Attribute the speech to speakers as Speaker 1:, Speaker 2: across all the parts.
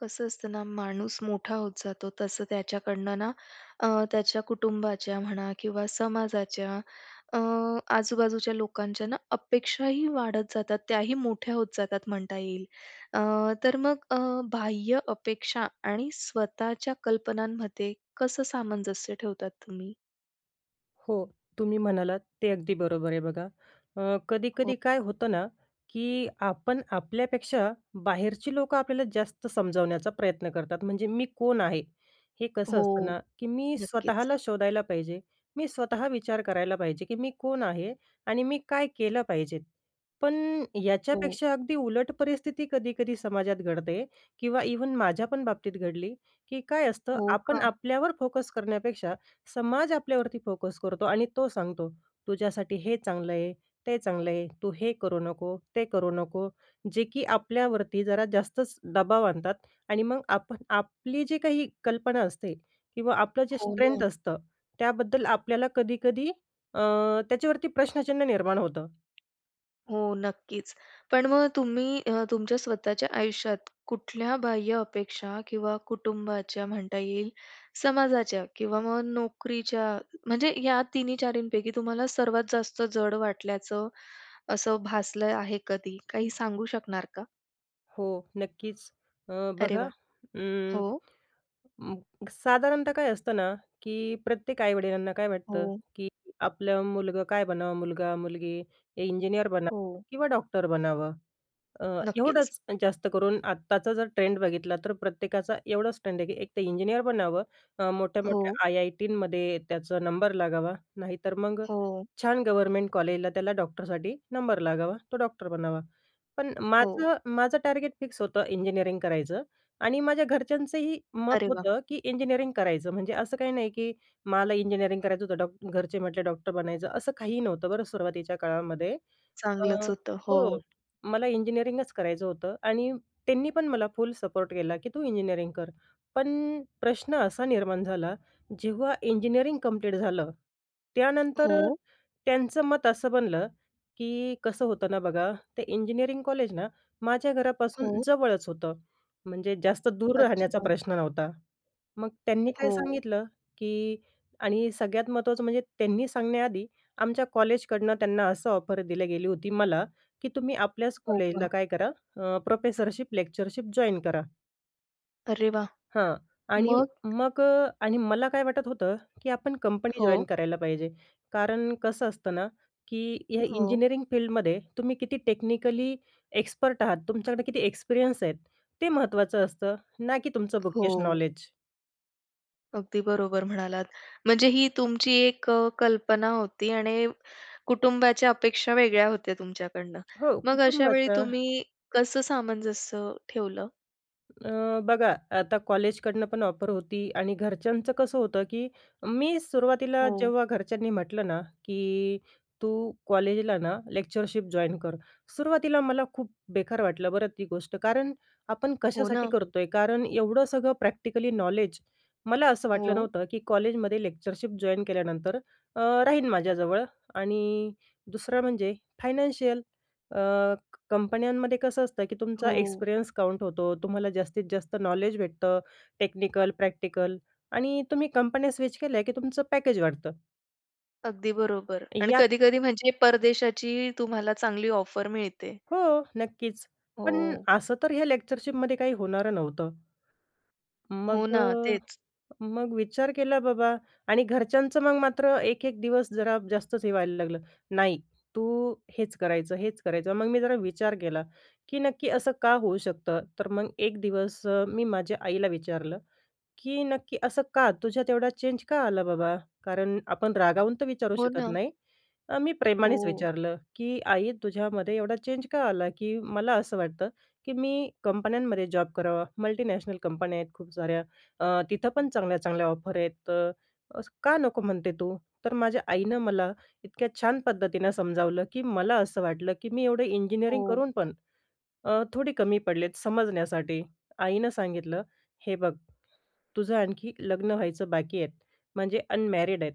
Speaker 1: कसं असतं ना, माणूस मोठा होत जातो तसं त्याच्याकडनं ना अ, त्याच्या कुटुंबाच्या म्हणा किंवा समाजाच्या अ, आजूबाजूच्या लोकांच्या ना अपेक्षाही वाढत जातात त्याही मोठ्या होत जातात, म्हणता येईल. अ, तर मग अ, बाह्य अपेक्षा आणि स्वतःच्या कल्पनांमध्ये कसं सामंजस्य ठेवतात तुम्ही?
Speaker 2: हो, तुम्ही म्हणालात ते अगदी बरोबर आहे बघा. अ,
Speaker 1: हो.
Speaker 2: कधी-कधी काय होतं ना की आपण आपल्यापेक्षा, बाहेरची लोकं आपल्याला जास्त समजावण्याचा प्रयत्न करतात; म्हणजे मी कोण आहे हे? कसं असतं
Speaker 1: हो,
Speaker 2: ना, की मी
Speaker 1: नक्कीच.
Speaker 2: स्वतःला शोधायला पाहिजे. मी स्वतः विचार करायला पाहिजे, की मी कोण आहे? आणि मी काय केलं पाहिजे? पण
Speaker 1: हो.
Speaker 2: याच्यापेक्षा अगदी उलट परिस्थिती कधी-कधी समाजात घडते किंवा इव्हन माझ्या पण बाबतीत घडली, की काय असतं,
Speaker 1: हो,
Speaker 2: आपण
Speaker 1: का?
Speaker 2: आपल्यावर फोकस करण्यापेक्षा समाज आपल्यावरती फोकस करतो आणि तो सांगतो, "तुझ्यासाठी हे चांगलं आहे, ते चांगलं आहे, तू हे करू नको, ते करू नको." जे की आपल्यावरती जरा जास्तच दबाव आणतात. आणि मग, आप आपली जी काही कल्पना असते किंवा आपलं जे
Speaker 1: हो, ना.
Speaker 2: स्ट्रेंथ असतं, त्याबद्दल आपल्याला कधी-कधी अ, त्याच्यावरती प्रश्नचिन्ह निर्माण होतं.
Speaker 1: हो, नक्कीच. पण मग तुम्ही अ, तुमच्या स्वतःच्या आयुष्यात कुठल्या बाह्य अपेक्षा किंवा कुटुंबाच्या म्हणता येईल, समाजाच्या किंवा मग नोकरीच्या म्हणजे या 3-4 पैकी तुम्हाला सर्वात जास्त जड वाटल्याचं असं भासलं आहे कधी, काही सांगू शकणार का?
Speaker 2: हो, नक्कीच. अ,
Speaker 1: अरे
Speaker 2: बघा,
Speaker 1: वाह!
Speaker 2: उम्म,
Speaker 1: हो.
Speaker 2: साधारणतः काय असतं ना, की प्रत्येक आई-वडिलांना काय वाटतं
Speaker 1: हो.
Speaker 2: की आपलं मुलगं काय बनावं, मुलगा-मुलगी, इंजिनियर बनावं
Speaker 1: हो.
Speaker 2: किंवा डॉक्टर बनावं. अ
Speaker 1: नक्कीच.
Speaker 2: एवढंच जास्त करून. आत्ताचा जर ट्रेंड बघितला तर प्रत्येकाचा एवढंच ट्रेंड आहे की एक तर इंजिनिअर बनावं, अ, मोठ्या-मोठ्या
Speaker 1: हो.
Speaker 2: आय-आय-टीनमध्ये त्याचा नंबर लागावा, नाहीतर मग
Speaker 1: हो.
Speaker 2: छान गव्हर्नमेंट कॉलेजला त्याला डॉक्टरसाठी नंबर लागावा, तो डॉक्टर बनावा. पण
Speaker 1: हो.
Speaker 2: माझं माझं टार्गेट फिक्स होतं इंजिनिअरिंग करायचं आणि माझ्या घरच्यांचंही मत
Speaker 1: अरे वाह!
Speaker 2: होतं की इंजिनिअरिंग करायचं. म्हणजे असं काही नाही की मला इंजिनिअरिंग करायचं होतं, डॉ घरचे म्हटले डॉक्टर बनायचं, असं काहीही नव्हतं बरं सुरुवातीच्या काळामध्ये अ,
Speaker 1: चांगलंच होतं. हो.
Speaker 2: हो. मला इंजिनिअरिंगच करायचं होतं आणि त्यांनी पण मला फुल सपोर्ट केला की तू इंजिनिअरिंग कर. पण प्रश्न असा निर्माण झाला, जेव्हा इंजिनिअरिंग कम्प्लीट झालं, त्यानंतर अ,
Speaker 1: हो.
Speaker 2: त्यांचं मत असं बनलं की कसं होतं ना बघा, ते इंजिनिअरिंग कॉलेज ना माझ्या घरापासून
Speaker 1: हो.
Speaker 2: जवळच होतं. म्हणजे जास्त दूर राहण्याचा
Speaker 1: अच्छा.
Speaker 2: प्रश्न नव्हता. मग त्यांनी काय
Speaker 1: हो.
Speaker 2: सांगितलं की आणि सगळ्यात महत्त्वाचं म्हणजे त्यांनी सांगण्याआधी आमच्या कॉलेजकडनं त्यांना असं ऑफर दिली गेली होती मला, की तुम्ही आपल्याच
Speaker 1: हो
Speaker 2: कॉलेजला
Speaker 1: का?
Speaker 2: काय करा, अ, प्रोफेसरशिप, लेक्चरशिप जॉइन करा.
Speaker 1: अरे वा!
Speaker 2: हां, आणि
Speaker 1: मग?
Speaker 2: मग अ आणि मला काय वाटत होतं की आपण कंपनी जॉइन
Speaker 1: हो.
Speaker 2: करायला पाहिजे. कारण कसं असतं ना की या
Speaker 1: हो.
Speaker 2: इंजिनिअरिंग फील्डमध्ये तुम्ही किती टेक्निकली एक्सपर्ट आहात, तुमच्याकडे किती एक्सपिरियन्स आहेत ते महत्त्वाचं असतं, ना की तुमचं बुकीश
Speaker 1: हो.
Speaker 2: नॉलेज.
Speaker 1: अगदी बरोबर म्हणालात. म्हणजे ही तुमची एक अ, कल्पना होती आणि कुटुंबाच्या अपेक्षा वेगळ्या होत्या तुमच्याकडनं.
Speaker 2: हो
Speaker 1: मग अशा
Speaker 2: कुटुंबाच.
Speaker 1: वेळी तुम्ही कसं सामंजस्य ठेवलं?
Speaker 2: अ, बघा आता कॉलेजकडनं पण ऑफर होती, आणि घरच्यांचं कसं होतं की मी सुरुवातीला
Speaker 1: हो.
Speaker 2: जेव्हा घरच्यांनी म्हटलं ना की, "तू कॉलेजला ना लेक्चरशिप जॉइन कर." सुरुवातीला मला खूप बेकार वाटलं बरं ती गोष्ट. कारण आपण
Speaker 1: हो
Speaker 2: कशासाठी
Speaker 1: ना.
Speaker 2: करतोय? कारण एवढं सगळं प्रॅक्टिकली नॉलेज, मला असं वाटलं
Speaker 1: हो.
Speaker 2: नव्हतं की कॉलेजमध्ये लेक्चरशिप जॉइन केल्यानंतर अ, राहीन माझ्याजवळ आणि दुसरं म्हणजे फायनान्शियल. अ, कंपन्यांमध्ये कसं असतं की तुमचा
Speaker 1: हो.
Speaker 2: एक्सपिरियन्स काउंट होतो, तुम्हाला जास्तीत जास्त नॉलेज भेटतं, टेक्निकल, प्रॅक्टिकल आणि तुम्ही कंपन्या स्विच केल्या की तुमचं पॅकेज वाढतं.
Speaker 1: अगदी बरोबर आणि
Speaker 2: यात
Speaker 1: कधी-कधी म्हणजे परदेशाची तुम्हाला चांगली ऑफर मिळते.
Speaker 2: हो. नक्कीच. पण
Speaker 1: हो.
Speaker 2: असं तर ह्या लेक्चरशिपमधे काही होणारं नव्हतं.
Speaker 1: हो
Speaker 2: मग
Speaker 1: ना.
Speaker 2: अ,
Speaker 1: तेच.
Speaker 2: मग विचार केला बाबा आणि घरच्यांचं मग मात्र एक-एक दिवस जरा जास्तच हे व्हायला लागलं. नाही, तू हेच करायचं, हेच करायचं. मग मी जरा विचार केला, की नक्की असं का होऊ शकतं? तर मग एक दिवस अ, मी माझ्या आईला विचारलं, की "नक्की असं का? तुझ्यात एवढा चेंज का आला बाबा?" कारण आपण रागावून तर विचारू
Speaker 1: हो
Speaker 2: शकत
Speaker 1: ना.
Speaker 2: नाही, अ, मी प्रेमानेच
Speaker 1: हो.
Speaker 2: विचारलं, की "आई तुझ्यामध्ये एवढा चेंज का आला? की मला असं वाटतं की, मी कंपन्यांमध्ये जॉब करावा, मल्टिनॅशनल कंपन्या आहेत खूप साऱ्या अ, तिथं पण चांगल्या-चांगल्या ऑफर आहेत. तर असं का नको म्हणते तू?" तर माझ्या आईनं मला इतक्या छान पद्धतीनं समजावलं, की मला असं वाटलं, की मी एवढं इंजिनिअरिंग
Speaker 1: हो.
Speaker 2: करून पण अ, थोडी कमी पडलेत समजण्यासाठी. आईनं सांगितलं, "हे बघ, तुझं आणखी लग्न व्हायचं बाकी आहे. म्हणजे अनमॅरिड आहे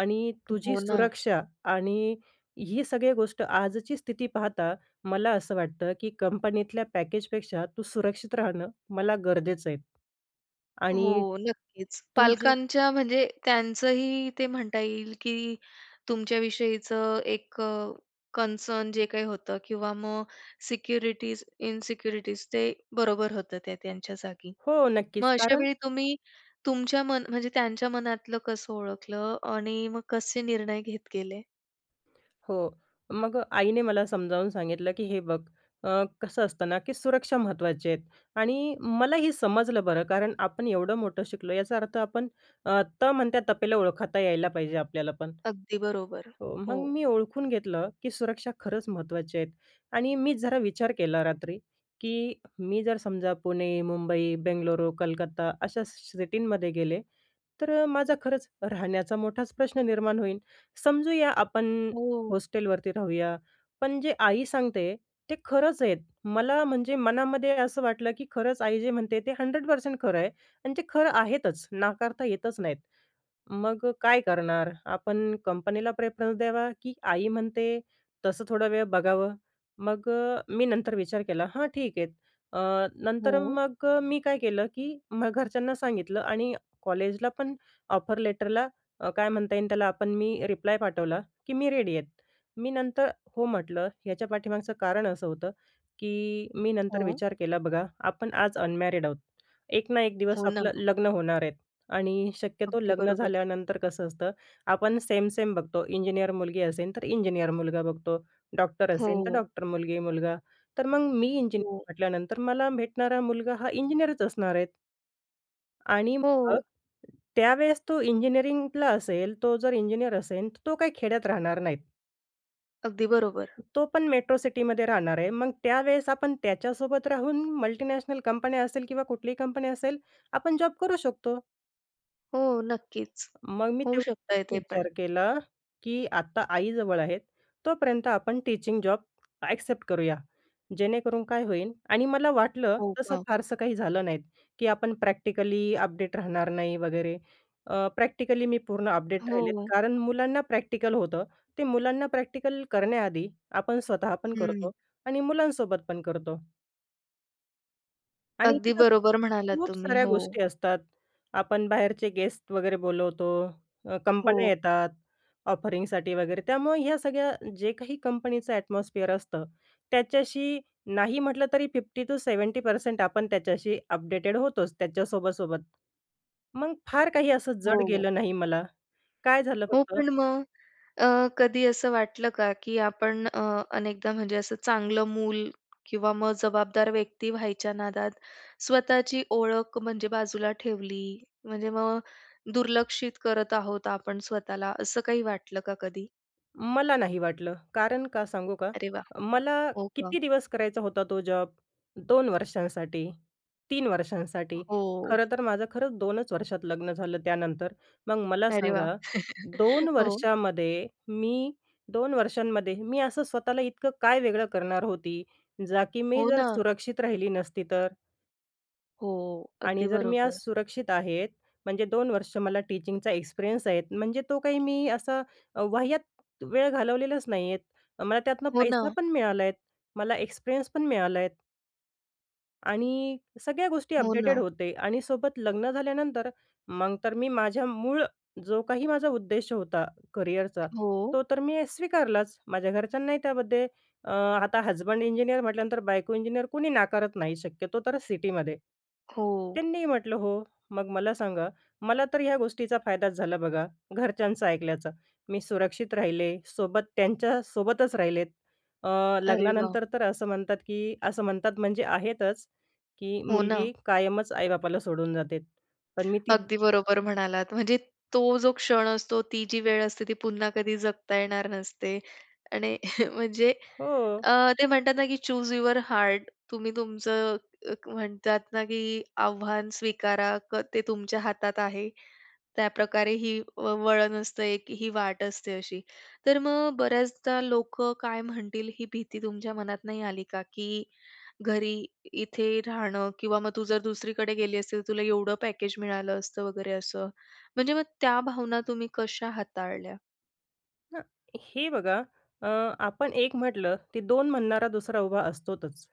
Speaker 2: आणि तुझी
Speaker 1: हो ना.
Speaker 2: सुरक्षा आणि ही सगळी गोष्ट आजची स्थिती पाहता मला असं वाटतं, की कंपनीतल्या पॅकेजपेक्षा तू सुरक्षित राहणं मला गरजेचं आहे." आणि
Speaker 1: हो. नक्कीच.
Speaker 2: तू जे
Speaker 1: पालकांच्या म्हणजे त्यांचंही ते म्हणता येईल, की तुमच्याविषयीचं एक अ, कन्सर्न जे काही होतं किंवा मग सिक्युरिटीज, इनसिक्युरिटीज ते बरोबर होतं ते त्यांच्या जागी.
Speaker 2: हो.
Speaker 1: मग
Speaker 2: नक्कीच. कारण
Speaker 1: अशावेळी तुम्ही तुमच्या मन म्हणजे त्यांच्या मनातलं कसं ओळखलं? आणि मग कसे निर्णय घेत गेले?
Speaker 2: हो. मग आईने मला समजावून सांगितलं, की "हे बघ, अ, कसं असतं ना, की सुरक्षा महत्त्वाची आहे." आणि, मलाही समजलं बरं, कारण आपण एवढं मोठं शिकलो याचा अर्थ आपण अ, त म्हणत्या तपेला ओळखता यायला पाहिजे आपल्याला पण.
Speaker 1: अगदी बरोबर.
Speaker 2: हो, मग
Speaker 1: हो.
Speaker 2: मी ओळखून घेतलं, की सुरक्षा खरंच महत्त्वाच्या आहेत. आणि, मी जरा विचार केला रात्री, की मी जर समजा पुणे, मुंबई, बेंगलुरू, कलकत्ता अशा स सिटींमध्ये गेले. तर अ, माझा खरंच राहण्याचा मोठाच प्रश्न निर्माण होईल. समजूया आपण
Speaker 1: हो.
Speaker 2: हॉस्टेलवरती राहूया, पण जे आई सांगते ते खरंच आहेत. मला म्हणजे मनामध्ये असं वाटलं, की खरंच आई जे म्हणते ते 100% खरं आहे. आणि ते खरं आहेतच नाकारता येतच नाहीत. मग काय करणार? आपण कंपनीला प्रेफरन्स देणार, की आई म्हणते, तसं थोडा वेळ बघावं. मग अ, मी नंतर विचार केला हां, ठीक आहे. अ, नंतर
Speaker 1: हो.
Speaker 2: मग अ, मी काय केलं, की मग घरच्यांना सांगितलं आणि कॉलेजला पण ऑफर लेटरला अ, काय म्हणता येईल त्याला, आपण मी रिप्लाय पाठवला, की मी रेडी आहेत. मी नंतर "हो", म्हटलं, याच्या पाठीमागचं कारण असं होतं, की मी नंतर
Speaker 1: हो.
Speaker 2: विचार केला बघा आपण आज अनमॅरिड आहोत. एक ना एक दिवस
Speaker 1: हो ना.
Speaker 2: आपलं लग्न होणार आहेत आणि शक्यतो
Speaker 1: अगदी
Speaker 2: लग्न
Speaker 1: बरोबर.
Speaker 2: झाल्यानंतर कसं असतं, आपण सेम-सेम बघतो, इंजिनिअर मुलगी असेल तर इंजिनिअर मुलगा बघतो, डॉक्टर असेल तर
Speaker 1: हो.
Speaker 2: डॉक्टर मुलगी-मुलगा. तर मग मी इंजिनिअर
Speaker 1: हो.
Speaker 2: म्हटल्यानंतर मला भेटणारा मुलगा हा इंजिनिअरच असणार आहेत. आणि मग,
Speaker 1: हो.
Speaker 2: त्यावेळेस तो इंजिनिअरिंगला असेल, तो जर इंजिनिअर असेन, तर तो काही खेड्यात राहणार नाहीत.
Speaker 1: अगदी बरोबर.
Speaker 2: तो पण मेट्रो सिटीमध्ये राहणार आहे, मग त्यावेळेस आपण त्याच्यासोबत राहून मल्टिनॅशनल कंपन्या असेल किंवा कुठलीही कंपनी असेल, आपण जॉब करू शकतो.
Speaker 1: हो, नक्कीच.
Speaker 2: मग मी
Speaker 1: होऊ
Speaker 2: तेवढाच
Speaker 1: शकतंय ते पण.
Speaker 2: विचार केला की आता आईजवळ आहेत तोपर्यंत आपण टीचिंग जॉब ॲक्सेप्ट करूया, जेणेकरून काय होईल आणि मला वाटलं
Speaker 1: हो
Speaker 2: तसं
Speaker 1: का?
Speaker 2: फारसं काही झालं नाहीत की आपण प्रॅक्टिकली अपडेट राहणार नाही वगैरे. अ, प्रॅक्टिकली मी पूर्ण अपडेट राहिले
Speaker 1: हो.
Speaker 2: कारण मुलांना प्रॅक्टिकल होतं. ते मुलांना प्रॅक्टिकल करण्याआधी आपण स्वतःहा पण करतो
Speaker 1: हं.
Speaker 2: आणि मुलांसोबत पण करतो. आणि
Speaker 1: अगदी
Speaker 2: इथ
Speaker 1: बरोबर म्हणालात
Speaker 2: खूप
Speaker 1: तुम्ही,
Speaker 2: साऱ्या
Speaker 1: हो.
Speaker 2: गोष्टी असतात. आपण बाहेरचे गेस्ट वगैरे बोलवतो, अ, कंपन्या
Speaker 1: हो.
Speaker 2: येतात ऑफरिंगसाठी वगैरे त्यामुळे या सगळ्या जे काही कंपनीचं एटमॉस्फिअर असतं, त्याच्याशी नाही म्हटलं तरी 50-70% आपण त्याच्याशी अपडेटेड होतोच, त्याच्या सोबत-सोबत. मग फार काही असं जड
Speaker 1: हो, हो.
Speaker 2: गेलं नाही मला. काय झालं
Speaker 1: हो,
Speaker 2: फक्त
Speaker 1: पण मग अ, कधी असं वाटलं का की आपण अ, अनेकदा म्हणजे असं चांगलं मूल किंवा मग जबाबदार व्यक्ती व्हायच्या नादात स्वतःची ओळख म्हणजे बाजूला ठेवली? म्हणजे मग दुर्लक्षित करत आहोत आपण स्वतःला, असं काही वाटलं का कधी?
Speaker 2: मला नाही वाटलं. कारण का सांगू का?
Speaker 1: अरे वाह!
Speaker 2: मला
Speaker 1: हो का?
Speaker 2: किती दिवस करायचा होता तो जॉब? 2 वर्षांसाठी, 3 वर्षांसाठी.
Speaker 1: हो.
Speaker 2: खरं तर माझं खरंच 2च वर्षात लग्न झालं त्यानंतर. मग मला
Speaker 1: अरे वाह!
Speaker 2: सांगा, 2
Speaker 1: हो.
Speaker 2: वर्षामध्ये मी 2 वर्षांमध्ये मी असं स्वतःला इतकं काय वेगळं करणार होती, जा की मी
Speaker 1: हो
Speaker 2: जर
Speaker 1: ना.
Speaker 2: सुरक्षित राहिली नसती तर?
Speaker 1: हो, अगदी
Speaker 2: आणि जर मी आज
Speaker 1: बरोबर.
Speaker 2: सुरक्षित आहे, म्हणजे 2 वर्ष मला टीचिंगचा एक्सपिरियन्स आहे, म्हणजे तो काही मी असा अ, वाह्यात वेळ घालवलेलाच नाहीये. मला त्यातनं
Speaker 1: हो
Speaker 2: पैसा
Speaker 1: ना.
Speaker 2: पण मिळाला आहे. मला एक्सपिरियन्स पण मिळाला आहे. आणि सगळ्या गोष्टी
Speaker 1: हो
Speaker 2: अपडेटेड
Speaker 1: ना.
Speaker 2: होते. आणि सोबत लग्न झाल्यानंतर मग तर मी माझ्या मूळ जो काही माझा उद्देश होता करिअरचा,
Speaker 1: हो.
Speaker 2: तो तर मी स्वीकारलाच. माझ्या घरच्यांनाही त्यामध्ये अ, आता हसबंड इंजिनिअर म्हटल्यानंतर बायको इंजिनियर कुणी नाकारत नाही शक्यतो तर सिटीमध्ये.
Speaker 1: हो.
Speaker 2: त्यांनी ही म्हटलं, "हो." मग मला सांगा, मला तर हया गोष्टीचा फायदाच झाला बघा, घरच्यांचं ऐकल्याचा. मी सुरक्षित राहिले, सोबत त्यांच्यासोबतच राहिले. अ,
Speaker 1: अरे वाह!
Speaker 2: लग्नानंतर तर असं म्हणतात की असं म्हणतात म्हणजे आहेतच की
Speaker 1: हो ना.
Speaker 2: मुलगी कायमच आई-बापाला सोडून जाते. पण मी ती
Speaker 1: अगदी बरोबर म्हणालात, म्हणजे तो जो क्षण असतो, ती जी वेळ असते, ती पुन्हा कधी जगता येणार नसते आणि म्हणजे
Speaker 2: हो.
Speaker 1: अ, ते म्हणतात ना की "चूज युवर हार्ट." तुम्ही तुमचं एक म्हणतात ना की आव्हान स्वीकारा, क ते तुमच्या हातात आहे. त्याप्रकारे ही व वळण असतं एक, ही वाट असते अशी. तर मग बऱ्याचदा लोकं काय म्हणतील, ही भीती तुमच्या मनात नाही आली का? की घरी इथे राहणं किंवा मग, "तू जर दुसरीकडे गेली असती, तर तुला एवढं पॅकेज मिळालं असतं," वगैरे असं. म्हणजे मग त्या भावना तुम्ही कशा हाताळल्या?
Speaker 2: हं. हे बघा, अ, आपण एक म्हटलं, ते दोन म्हणणारा दुसरा उभा असतोच.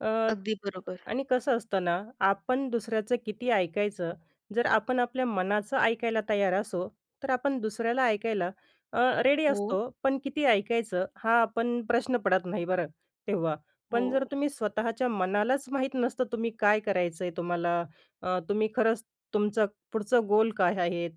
Speaker 2: अ,
Speaker 1: अगदी बरोबर.
Speaker 2: आणि कसं असतं ना, आपण दुसऱ्याचं किती ऐकायचं, जर आपण आपल्या मनाचं ऐकायला तयार असो, तर आपण दुसऱ्याला ऐकायला अ, रेडी
Speaker 1: हो.
Speaker 2: असतो. पण किती ऐकायचं हा पण प्रश्न पडत नाही बरं तेव्हा. पण जर
Speaker 1: हो.
Speaker 2: तुम्ही स्वतःच्या मनालाच माहीत नसतं तुम्ही काय करायचं आहे तुम्हाला, अ, तुम्ही खरंच तुमचं पुढचं गोल काय आहेत,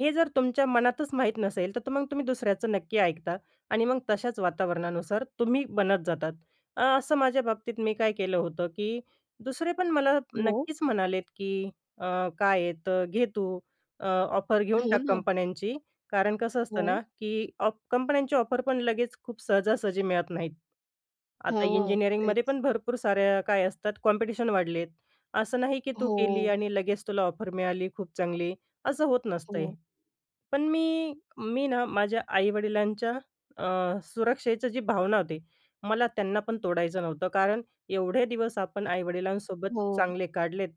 Speaker 2: हे जर तुमच्या मनातच माहीत नसेल, तिथं मग तुम्ही दुसऱ्याचं नक्की ऐकता आणि मग तशाच वातावरणानुसार तुम्ही बनत जाता. अ, असं माझ्या बाबतीत मी काय केलं होतं की दुसरे पण मला
Speaker 1: हो.
Speaker 2: नक्कीच म्हणालेत की "अ, काय आहे. तर घे तू अ, ऑफर घेऊन
Speaker 1: हो
Speaker 2: टाक
Speaker 1: ना.
Speaker 2: कंपन्यांची." कारण कसं असतं
Speaker 1: हो.
Speaker 2: ना की ऑफ कंपन्यांची ऑफर पण लगेच खूप सहजा-सहजी मिळत नाहीत. आता
Speaker 1: हो, तेच.
Speaker 2: इंजिनिअरिंगमध्ये पण भरपूर साऱ्या काय असतात, कॉम्पिटिशन वाढलेत. असं नाही की, तू गेली
Speaker 1: हो.
Speaker 2: आणि लगेच तुला ऑफर मिळाली खूप चांगली. असं होत नसतं.
Speaker 1: हो.
Speaker 2: पण मी मी ना माझ्या आई-वडिलांच्या अ, सुरक्षेची जे भावना होती, मला त्यांना पण तोडायचं नव्हतं कारण एवढे दिवस आपण आई-वडिलांसोबत
Speaker 1: हो.
Speaker 2: चांगले काढलेत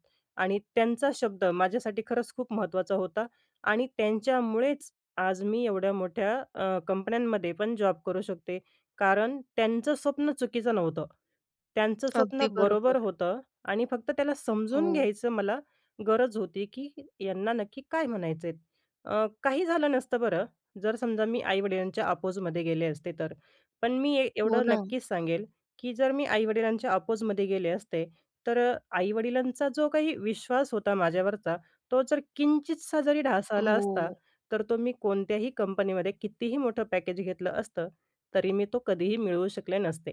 Speaker 2: आणि त्यांचा शब्द माझ्यासाठी खरंच खूप महत्त्वाचा होता आणि त्यांच्यामुळेच आज मी एवढ्या मोठ्या अ, कंपन्यांमध्ये पण जॉब करू शकते. कारण त्यांचं स्वप्न चुकीचं नव्हतं. त्यांचं स्वप्न
Speaker 1: अगदी
Speaker 2: बरोबर
Speaker 1: बरोबर.
Speaker 2: होतं आणि फक्त त्याला समजून
Speaker 1: हो.
Speaker 2: घ्यायचं मला गरज होती की यांना नक्की काय म्हणायचेत. अ, काही झालं नसतं बरं जर समजा, मी आई-वडिलांच्या अपोझमध्ये गेले असते तर. पण मी
Speaker 1: हो
Speaker 2: एवढं
Speaker 1: ना.
Speaker 2: नक्कीच सांगेल की जर मी आई-वडिलांच्या आपोझमध्ये गेले असते, तर अ, आई-वडिलांचा जो काही विश्वास होता माझ्यावरचा तो जर किंचितसा जरी ढासळला आला असता,
Speaker 1: हो.
Speaker 2: तर तो मी कोणत्याही कंपनीमध्ये, कितीही मोठं पॅकेज घेतलं असतं, तरी मी तो कधीही मिळवू शकले नसते.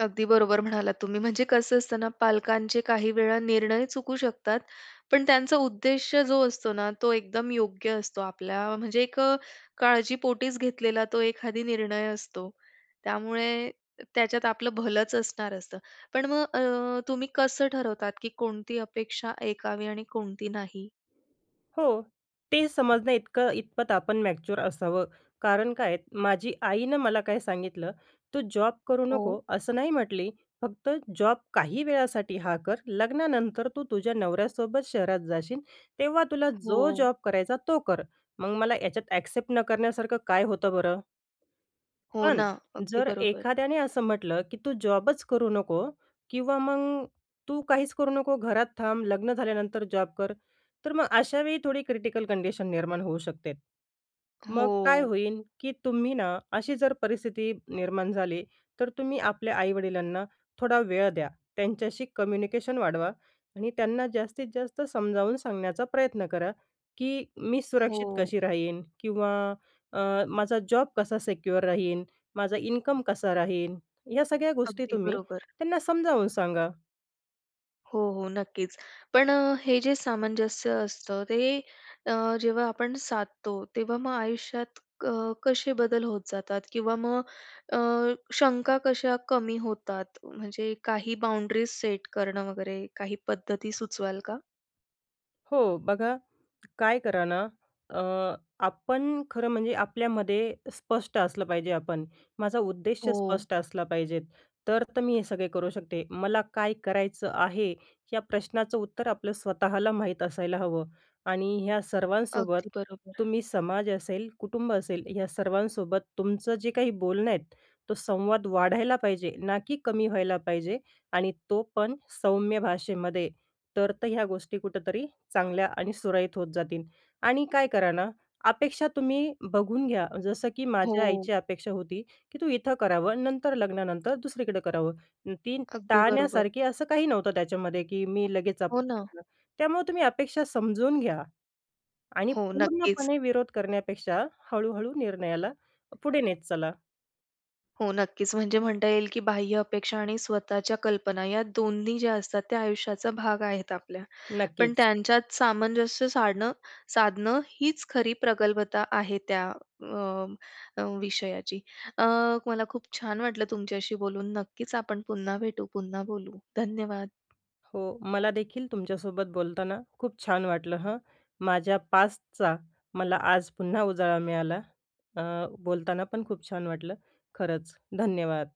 Speaker 1: अगदी बरोबर म्हणालात तुम्ही, म्हणजे कसं असतं ना, पालकांचे काही वेळा निर्णय चुकू शकतात, पण त्यांचा उद्देश जो असतो ना, तो एकदम योग्य असतो. आपल्या म्हणजे एक अ, काळजीपोटीच घेतलेला तो एखादी निर्णय असतो. त्यामुळे त्याच्यात आपलं भलंच असणार असतं. पण मग अ, तुम्ही कसं ठरवतात की कोणती अपेक्षा ऐकावी आणि कोणती नाही?
Speaker 2: हो, ते समजण्याइतकं इतपत आपण मॅच्युअर असावं, कारण काय आहे माझी आईनं मला काय सांगितलं, "तू जॉब करू नको"
Speaker 1: हो.
Speaker 2: असं नाही म्हटली. "फक्त जॉब काही वेळासाठी हा कर, लग्नानंतर तू तुझ्या नवऱ्यासोबत शहरात जाशील. तेव्हा तुला जो
Speaker 1: हो.
Speaker 2: जॉब करायचा तो कर." मग मला याच्यात ॲक्सेप्ट न करण्यासारखं काय होतं बरं?
Speaker 1: हो
Speaker 2: पण
Speaker 1: ना, अगदी
Speaker 2: जर
Speaker 1: बरोबर.
Speaker 2: एखाद्याने असं म्हटलं की "तू जॉबच करू नको" किंवा मग "तू काहीच करू नको. घरात थांब. लग्न झाल्यानंतर जॉब कर." तर मग अशावेळी थोडी क्रिटिकल कंडिशन निर्माण होऊ शकते. मग काय
Speaker 1: हो.
Speaker 2: होईन की तुम्ही ना अशी जर परिस्थिती निर्माण झाली, तर तुम्ही आपल्या आई-वडिलांना थोडा वेळ द्या. त्यांच्याशी कम्युनिकेशन वाढवा आणि त्यांना जास्तीत जास्त समजावून सांगण्याचा प्रयत्न करा की मी सुरक्षित
Speaker 1: हो.
Speaker 2: कशी राहीन किंवा अ, माझा जॉब कसा सिक्युअर राहीन, माझा इन्कम कसा राहीन या सगळ्या गोष्टी
Speaker 1: अगदी
Speaker 2: तुम्ही
Speaker 1: बरोबर.
Speaker 2: त्यांना समजावून सांगा.
Speaker 1: हो, हो. नक्कीच. पण हे जे सामंजस्य असतं. ते अ, जेव्हा आपण साधतो. तेव्हा मग आयुष्यात अ, कसे बदल होत जातात? किंवा मग अ, शंका कशा कमी होतात? म्हणजे काही बाउंडरीज सेट करणं वगैरे, काही पद्धती सुचवाल का?
Speaker 2: हो. बघा, काय करा ना, अ, आपण खरं म्हणजे आपल्यामध्ये स्पष्ट असलं पाहिजे आपण. माझा उद्देश
Speaker 1: हो.
Speaker 2: स्पष्ट असला पाहिजेत. तर त मी हे सगळे करू शकते. मला काय करायचं आहे? या प्रश्नाचं उत्तर आपलं स्वतःला माहीत असायला हवं. आणि ह्या सर्वांसोबत
Speaker 1: अगदी बरोबर.
Speaker 2: तुम्ही समाज असेल, कुटुंब असेल, या सर्वांसोबत तुमचं जे काही बोलणं आहेत, तो संवाद वाढायला पाहिजे, ना की कमी व्हायला पाहिजे आणि तो पण सौम्य भाषेमध्ये. तर त ह्या गोष्टी कुठेतरी चांगल्या आणि सुरळीत होत जातील. आणि काय करा ना, अपेक्षा तुम्ही बघून घ्या. जसं की माझ्या
Speaker 1: हो.
Speaker 2: आईची अपेक्षा होती, की तू इथं करावं, नंतर लग्नानंतर दुसरीकडं करावं. ती
Speaker 1: अगदी बरोबर.
Speaker 2: टाळण्यासारखी असं काही नव्हतं त्याच्यामध्ये, की मी लगेच अप
Speaker 1: हो
Speaker 2: [unintelligible]
Speaker 1: ना.
Speaker 2: ना. त्यामुळं तुम्ही अपेक्षा समजून घ्या आणि
Speaker 1: हो. नक्कीच.
Speaker 2: पूर्णपणे विरोध करण्यापेक्षा हळू-हळू निर्णयाला पुढे नेत चला.
Speaker 1: हो. नक्कीच. म्हणजे म्हणता येईल, की बाह्य अपेक्षा आणि स्वतःच्या कल्पना या दोन्ही ज्या असतात, त्या आयुष्याचा भाग आहेत आपल्या. पण
Speaker 2: नक्कीच.
Speaker 1: त्यांच्यात सामंजस्य साडणं साधणं हीच खरी प्रगल्भता आहे त्या अ, अ, विषयाची. अ, मला खूप छान वाटलं तुमच्याशी बोलून, नक्कीच आपण पुन्हा भेटू, पुन्हा बोलू. धन्यवाद.
Speaker 2: हो. मलादेखील तुमच्यासोबत बोलताना खूप छान वाटलं हं, माझ्या पास्टचा मला आज पुन्हा उजाळा मिळाला. अ, बोलताना पण खूप छान वाटलं. खरंच. धन्यवाद.